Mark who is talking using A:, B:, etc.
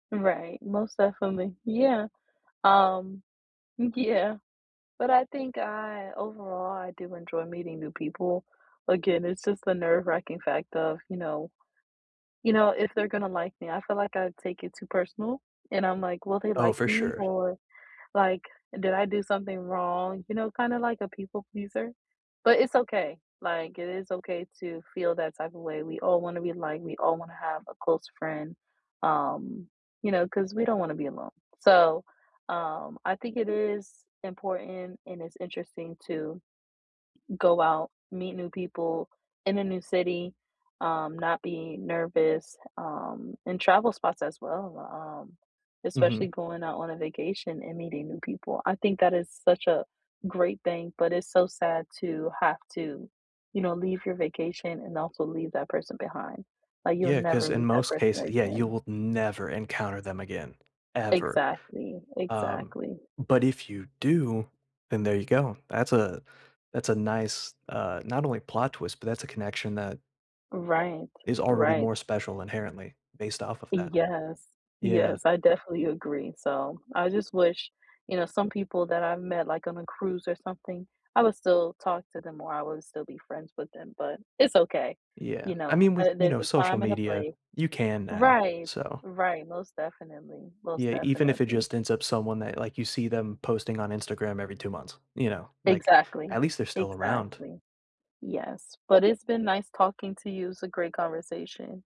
A: Right, most definitely. Yeah. Um, yeah. But I think I overall, I do enjoy meeting new people. Again, it's just the nerve-wracking fact of, you know you know, if they're gonna like me, I feel like I take it too personal and I'm, like, "Will they
B: Oh,
A: like
B: for
A: me?"
B: sure.
A: or like, "Did I do something wrong?" You know, kind of like a people pleaser, but it's okay. Like, it is okay to feel that type of way. We all want to be liked; we all want to have a close friend. Um, you know, 'cause we don't want to be alone. So, um, I think it is important, and it's interesting to go out, meet new people in a new city, um, not be nervous, um, and travel spots as well, um, especially
B: Mhm.
A: going out on a vacation and meeting new people. I think that is such a great thing, but it's so sad to have to, you know, leave your vacation and also leave that person behind. Like, you'll
B: Yeah, 'cause
A: never
B: in
A: meet that
B: most
A: person
B: case Yeah, you
A: again.
B: will never encounter them again. Ever.
A: Exactly,
B: Um,
A: exactly.
B: but if you do, then there you go. That's a that's a nice uh, not only plot twist, but that's a connection that
A: Right,
B: is already
A: right.
B: more special inherently based off of that.
A: Yes.
B: Yeah.
A: Yes, I definitely agree, so I just wish you know, some people that I met like on a cruise or something, I would still talk to them or I would still be friends with them, but it's okay.
B: Yeah.
A: You
B: I
A: know,
B: mean,
A: uh,
B: with, you
A: there's
B: know,
A: a
B: social
A: time and a
B: media,
A: place.
B: you can now,
A: Right.
B: so
A: Right, most definitely, most
B: Yeah, even if it
A: definitely.
B: just ends up someone that, like, you see them posting on Instagram every 2 months, you know? Like,
A: Exactly.
B: at least they're still around.
A: Exactly. Yes, but it's been nice talking to you, it was a great conversation.